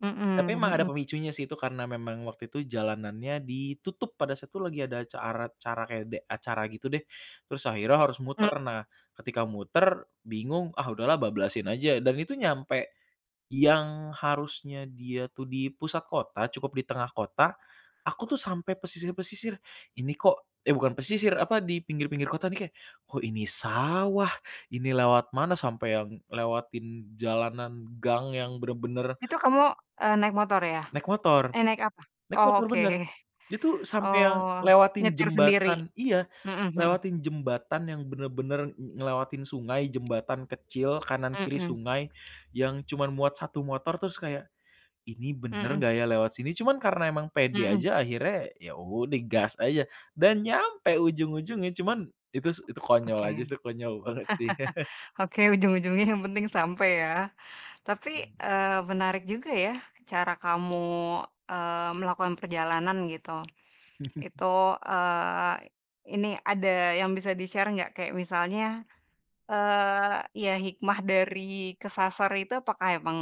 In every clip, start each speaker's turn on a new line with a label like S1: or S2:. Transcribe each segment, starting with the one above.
S1: Mhm
S2: Tapi memang ada
S1: mhm.
S2: pemicunya sih itu, karena memang waktu itu jalanannya ditutup pada saat itu lagi ada acara acara kayak ada acara gitu deh, terus akhirnya harus
S1: Hmm.
S2: muter. Nah ketika muter bingung ah udahlah bablasin aja dan itu nyampe yang harusnya dia tuh di pusat kota cukup di tengah kota, aku tuh sampai pesisir-pesisir, ini kok eh bukan pesisir, apa, di pinggir-pinggir kota ini kayak, kok ini sawah, ini lewat mana sampai yang lewatin jalanan gang yang bener-bener
S1: Itu kamu, e naik motor ya?
S2: Naik motor.
S1: Eh naik apa?
S2: Naik
S1: Oh
S2: motor
S1: oke.
S2: bener, itu sampai yang
S1: Oh
S2: lewatin
S1: nyetir sendiri?
S2: jembatan iya,
S1: Mhm mhm.
S2: lewatin jembatan yang bener-bener ng ngelewatin sungai jembatan kecil kanan kiri
S1: Mhm.
S2: sungai, yang cuman muat 1 motor terus kayak, "Ini bener
S1: Mhm.
S2: nggak ya lewat sini?" Cuman karena emang pede
S1: Mhm.
S2: aja akhirnya ya udah gas aja dan nyampe
S1: Aduh.
S2: ujung-ujungnya, cuman itu s konyol
S1: Oke.
S2: aja sih, itu konyol banget sih.
S1: Oke, ujung-ujungnya yang penting sampai ya. Tapi,
S2: Mmm.
S1: eee, menarik juga ya cara kamu, eee, melakukan perjalanan gitu. Itu, eee, ini ada yang bisa di-share gak? Kayak misalnya, eee, ya hikmah dari kesasar itu, apakah emang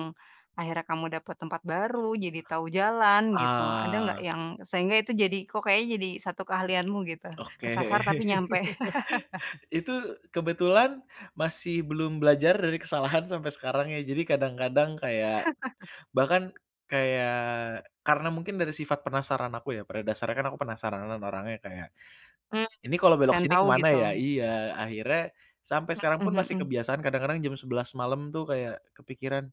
S1: akhirnya kamu dapat tempat baru, jadi tahu jalan, gitu? Ada gak
S2: Ah.
S1: yang sehingga itu jadi, kok kayaknya jadi 1 keahlianmu gitu?
S2: Oke.
S1: Kesasar tapi nyampe.
S2: Itu kebetulan masih belum belajar dari kesalahan sampai sekarang ya. Jadi kadang-kadang kayak bahkan kayak karena mungkin dari sifat penasaran aku ya, pada dasarnya kan aku penasaranan orangnya kayak,
S1: Hmm,
S2: "Ini kalau belok
S1: dan
S2: sini
S1: tau
S2: ke mana
S1: gitu.
S2: ya?" Iya, akhirnya sampai sekarang pun
S1: Mhm
S2: pasti
S1: mhm.
S2: kebiasaan kadang-kadang jam 11:00 malam tuh kayak kepikiran